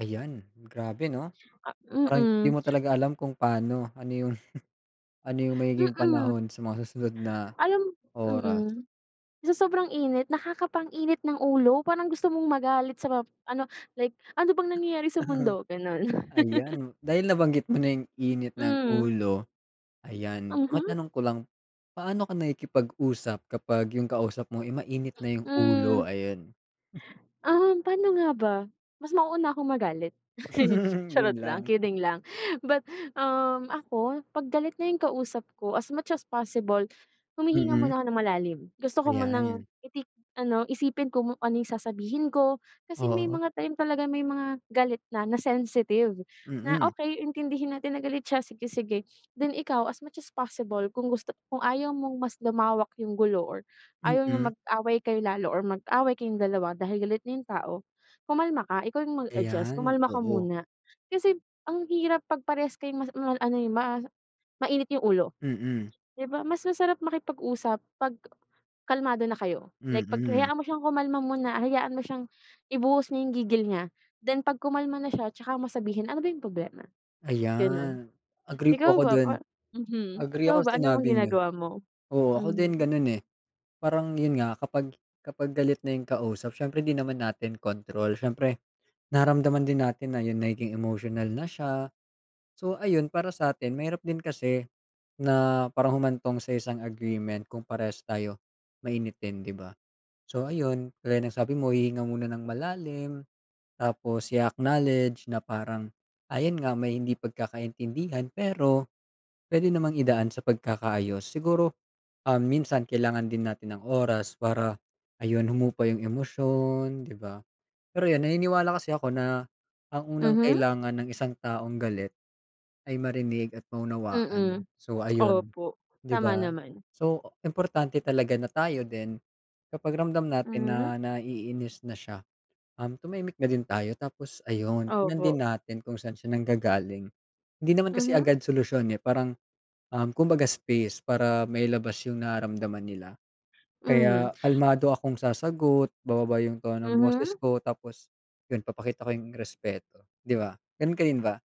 Ayan, grabe, no, Ah, parang di mm. mo talaga alam kung paano, ano yung, ano yung magiging Mm. panahon sa mga susunod na Alam, oras. mhm, sa sobrang init, nakakapang-init ng ulo, parang gusto mong magalit sa map ano, like ano bang nangyayari sa mundo? Ganon. Ayan, dahil nabanggit mo na yung init ng Mm. ulo, ayan. Mhm. Matanong ko lang, paano ka nakikipag-usap kapag yung kausap mo, eh, mainit na yung Mm. ulo? Ayan. Um, pano nga ba mas mauuna akong magalit. Charot Yun lang, lang. kidding lang, but hm, ako, pag galit na yung kausap ko, as much as possible, humihinga Mhm. muna ako nang malalim. Gusto ko munang Ayan. itik ano, isipin ko kung ano yung sasabihin ko, kasi may Oo. mga time talaga, may mga galit na, na-sensitive. Na Mm. okey, intindihin natin na galit siya, sige, sige. Then ikaw as much as possible kung gusto, kung ayaw mong mas lumawak yung gulo or ayaw niyang Mm. mag-away kayo lalo or mag-away kayong dalawa dahil galit na yung tao, kumalma ka, ikaw yung mag adjust Ayan, kumalma ka oo. muna. Kasi ang hirap pag parehas kayong mas mal ano eh, ma mainit yung ulo. Mm. Di ba, mas masarap makipag-usap 'pag kalmado na kayo. Like, 'pag Mm. hayaan mo siyang kumalma muna, hayaan mo siyang ibuhos niya yung gigil niya, then 'pag kumalma na siya tsaka mo sabihin, ano ba yung problema? Ganon. Ayan, agree po Ikaw ako ba dun. pa mhm. Agree Ikaw ako ba sa ano bang sinabi niyo. ginagawa mo? Oo, ako din Mhm. ganun, eh. Parang yun nga kapag, kapag galit na yung kausap, siyempre din naman natin control. Siyempre, nararamdaman din natin na yung nagiging emotional na siya. So, ayun, para sa atin, mahirap din kasi na parang humantong sa isang agreement kung parehas tayo mainitin, di ba? So ayun, gaya ng sabi mo, hihinga muna nang malalim, tapos i-acknowledge na parang ayun nga, may hindi pagkakaintindihan, pero puwede namang idaan sa pagkakaayos. Siguro, um, minsan kailangan din natin ang oras para ayun, humupa yung emosyon, di ba. Pero yun naniniwala kasi ako na ang unang Mhm. kailangan ng isang taong galit ay marinig at maunawaan. Mm, So ayun, opo, di tama ba? naman. So, importante talaga na tayo din, kapag ramdam natin Mhm. na naiinis na siya, um, tumahimik na din tayo. Tapos ayun, tignan din Opo. natin kung saan siya nanggagaling. Hindi naman kasi Mhm. agad solusyon, eh, parang, um, kumbaga space para mailabas yung nararamdaman nila. Mhm. Kaya kalmado akong sasagot, bababa yung tono ng boses Mhm. ko, tapos yun, ipapakita ko yung respeto. Di ba, ganun ka din ba?